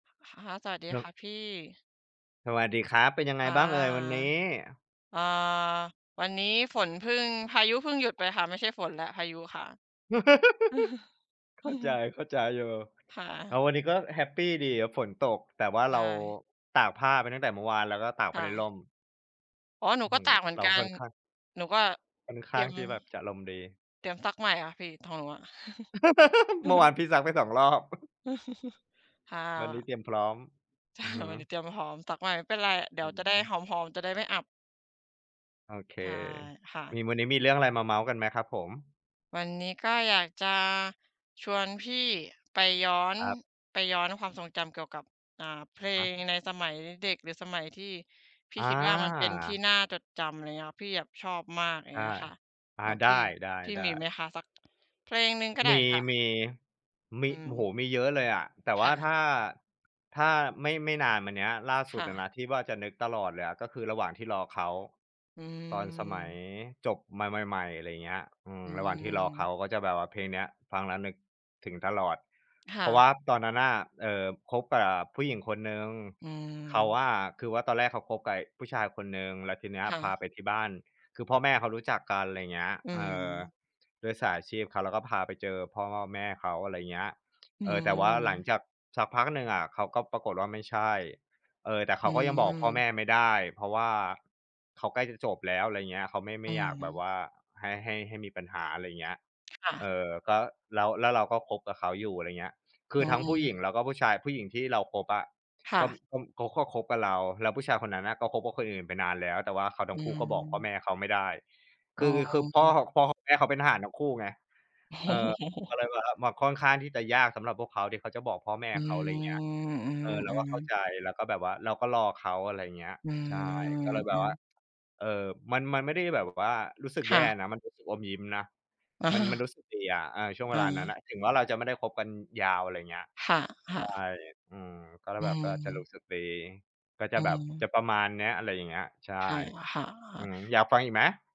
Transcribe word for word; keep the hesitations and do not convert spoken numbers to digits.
ค่ะ สวัสดีครัคบ ่ะพี่ สวัสดีครับ เป็นยังไงค่ะ บ้างเอ่ยวันนี้? อ่า วันนี้ฝนเพิ่ง พายุเพิ่งหยุดไปค่ะ ไม่ใช่ฝนและ พายุค่ะ เข้าใจ เข้าใจอยู่ ค่แะ ล้ววันนี้ ก็แฮปปีดีอะฝนตก แต่ว่าใชเรา ่ ตากผ้าไปตั้งแต่เมื่อวาน แล้วก็ตากคไป่ในะ ร่ม อ๋อ หนูอื้อก็ฮืตอ ่างเหมือเนรากัค่น อนข้าง หนูก็ ค่อนเขตร้ีายงม ที่แบบจะอารมณ์ดี เตรียมซักใหม่อะพี่ ของหนูอะ เมื่อวานพี่ซักไป สอง รอบ ค่วันนี้ะ เตรียมพร้อม คอ่ืะ อฮึ วันนี้เตรียมพร้อมซักใหม่ไม่เป็นไร เดี๋อยืวอจะไฮด้ึ หอม ๆ จะได้ไม่อับ โอเค ใช่ ค่ะ มี วันนี้มีเรื่องอะไรมาเมาท์กันไหมครับผม? วันนี้ก็อยากจะ ชวนพี่ ไปย้อน ครับ ไปย้อนความทรงจำเกี่ยวกับ อ่า เพลฮะ งในสมัยเด็ก หรือสมัยที่พี่อคิดว่า มันเป็นที่า น่าจดจำ อะไรเงี้ย พี่แบบชอบมาก อย่ใาชงเ่ งี้ยค่ะ อ่า แบบ ไดพี่ ้ พี่มีไหๆ มๆ คะ สักเพลงหนึ่งก็ไดม้ี ค่ะ? ๆ มี อืโอ้โฮ! ม มีเยอะเลยอะ แต่วค่า ่ะ ถ้า ถ้าไม่ ไม่นานมาเนี้ย ล่าสคุด่อะะ นะ ที่ว่าจะนึกตลอดเลยอ่ะ ก็คือระหว่างที่รอเขา อืตอนสมัยม จบมาใหม่ ๆ อะไรเงี้ย อือ อืระหว่างที่รอเขาม ก็จะแบบว่าเพลงเนี้ย ฟังแล้วนึก ถึงตลอด คเพ่ราะวะ ่าตอนนั้นน่ะ เอ่อ คบกับผู้หญิงคนหนึ่ง อืเขาม อะ คือว่าตอนแรกเขาคบกับผู้ชายคนหนึ่ง แล้วทีเนี้ย ค่พะ าไปที่บ้าน คือพ่อแม่เขารู้จักกัน ไรเงี้ย อืเอ่อ ม ด้วยสายอาชีพเขาแล้วก็พาไปเจอพ่อแม่เขา อะไรเงี้ย อืเอ่อ แต่ว่าหลังม จากสักพักหนึ่งอะ เขาก็ ปรากฏว่า ไม่ใช่ เอ่อ แต่เขอืาก็ยังบอกพ่อแมม ่ไม่ได้ เพราะว่าเขาใกล้จะจบแล้ว อะไรเงี้ย เขาไม่ ไอมื่อยอากฮแบบวึ ่า ให้ ให้ ให้มีปัญหา อะไรเงี้ย ค่ะ เอ่อ ก็ แล้ว แล้วเราก็คบกับเขาอยู่ อะไรเงี้ย คือือทั้งผู้หญิอ งแล้วก็ผู้ชาย ผู้หญิงที่เราคบอะ ค่ก็ ะ ก็ เขาก็คบกับเรา แล้วผู้ชายคนนั้นน่ะ ก็คบกับคนอื่นไปนานแล้ว แต่ว่าเขาทอัื้งคู่ ก็บอกพ่อแม ม่เขาไม่ได้ อค๋ือ คือพ่อ อ พ่อแม่เขาเป็นทหารทั้งคู่ไง โเออ ก็อ้ เลยแบบค่อนข้างที่จะยากสำหรับพวกเขาที่เขาจะบอกพ่อแม่อืเขา อะไรเงี้ย ม อเออ เราืก็อ เข้าๆ ใจแล้ว ก็แบบว่าเราก็รอเขา อะไรเงี้ย อืใช่ กอ ็เลยแอบืบว่อ า เอ่อ มัน มันไม่ได้แบบว่า รู้สึกคแ่ย่ะ นะ มันรู้สึกอมยิ้มนะ มัน มันรู้สึกดีอะ เออ ช่วงเวอลานั้นา น่ะ ถึงว่าเราจะไม่ได้คบกันยาว อะไรเงี้ย ค่ใชะ ่ ๆ อือ ก็เลอืยแบบว่าจะรูม ้สึกดี ก็จอืะแบบ จะม ประมาณเนี้ย อะไรอย่างเงี้ย ใช่ ค่ะ ค่ะ ออา ือ อยากฟังอีกไหม?